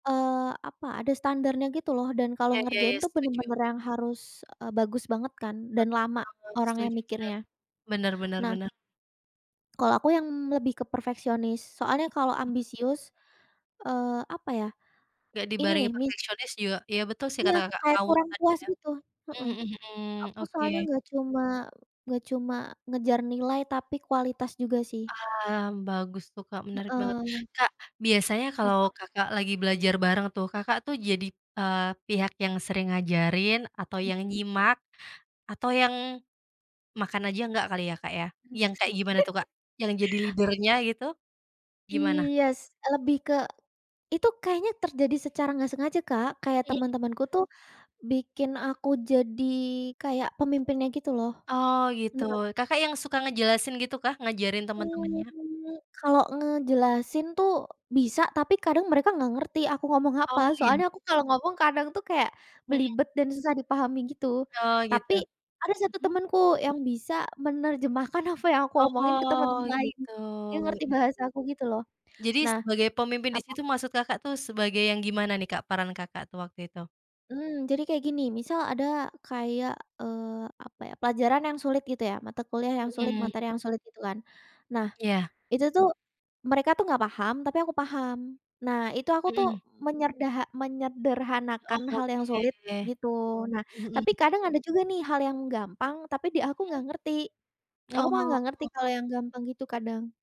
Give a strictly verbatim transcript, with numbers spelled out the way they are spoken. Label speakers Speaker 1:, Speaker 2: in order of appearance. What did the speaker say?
Speaker 1: Eee, apa, ada standarnya gitu loh dan kalau
Speaker 2: Iya iya
Speaker 1: ngerjain
Speaker 2: iya,
Speaker 1: tuh
Speaker 2: setuju.
Speaker 1: bener-bener yang harus, e bagus banget kan, dan lama,
Speaker 2: Bener,
Speaker 1: orang yang
Speaker 2: setuju, bener.
Speaker 1: mikirnya.
Speaker 2: Bener bener
Speaker 1: Nah
Speaker 2: bener.
Speaker 1: kalau aku yang lebih ke perfeksionis soalnya kalau ambisius, eee, apa ya,
Speaker 2: Gak
Speaker 1: ini
Speaker 2: dibarengi
Speaker 1: nih, mis
Speaker 2: perfeksionis juga ya betul sih
Speaker 1: Iya,
Speaker 2: kata Kakak,
Speaker 1: kayak
Speaker 2: ngawur
Speaker 1: kurang
Speaker 2: tadi
Speaker 1: puas
Speaker 2: ya.
Speaker 1: gitu, heeh.
Speaker 2: Mhm mhm mhm,
Speaker 1: aku
Speaker 2: oke.
Speaker 1: soalnya nggak cuma nggak cuma ngejar nilai, tapi kualitas juga sih.
Speaker 2: Paham, bagus tuh, Kak, menarik banget.
Speaker 1: Heeh.
Speaker 2: Kak, biasanya kalau
Speaker 1: Kenapa?
Speaker 2: Kakak lagi belajar bareng tuh, Kakak tuh jadi, eee, pihak yang sering ngajarin atau yang
Speaker 1: Mhm.
Speaker 2: nyimak atau yang makan aja nggak kali ya, Kak, ya? Yang kayak gimana tuh, Kak? Yang jadi leader-nya gitu? Gimana?
Speaker 1: Iyes, lebih ke itu kayaknya terjadi secara nggak sengaja, Kak, kayak
Speaker 2: Iya.
Speaker 1: teman-temanku tuh bikin aku jadi kayak pemimpinnya gitu loh.
Speaker 2: Oh, gitu,
Speaker 1: Bener.
Speaker 2: Kakak yang suka ngejelasin gitukah, ngajarin temen-temennya?
Speaker 1: Mmm, kalau ngejelasin tuh bisa, tapi kadang mereka nggak ngerti aku ngomong apa.
Speaker 2: Oh, iya.
Speaker 1: Soalnya aku kalau ngomong kadang tuh kayak
Speaker 2: Mhm.
Speaker 1: belibet dan susah dipahami gitu,
Speaker 2: Oh, gitu.
Speaker 1: tapi ada satu
Speaker 2: Mhm.
Speaker 1: temenku yang bisa menerjemahkan apa yang aku omongin ke
Speaker 2: Oh,
Speaker 1: teman-teman lain,
Speaker 2: gitu.
Speaker 1: yang ngerti
Speaker 2: Iya
Speaker 1: bahasa
Speaker 2: iya.
Speaker 1: aku gitu loh,
Speaker 2: Jadi
Speaker 1: nah
Speaker 2: sebagai pemimpin di
Speaker 1: apa?
Speaker 2: situ maksud Kakak tuh sebagai yang gimana nih, Kak, peran Kakak tuh waktu itu?
Speaker 1: Mmm, jadi kayak gini, misal ada kayak, eee, apa ya, pelajaran yang sulit gitu ya, mata kuliah yang sulit,
Speaker 2: Mhm.
Speaker 1: materi yang sulit, gitu kan. Nah,
Speaker 2: Iya.
Speaker 1: itu tuh mereka tuh nggak paham tapi aku paham, nah itu aku tuh
Speaker 2: Mhm.
Speaker 1: menyerdaha
Speaker 2: Oh,
Speaker 1: menyederhanakan hal yang sulit
Speaker 2: oke.
Speaker 1: gitu, nah tapi
Speaker 2: Mhm.
Speaker 1: kadang ada juga nih hal yang gampang, tapi di aku
Speaker 2: Mhm?
Speaker 1: nggak ngerti, aku mah nggak ngerti
Speaker 2: Oh.
Speaker 1: kalau yang gampang gitu kadang.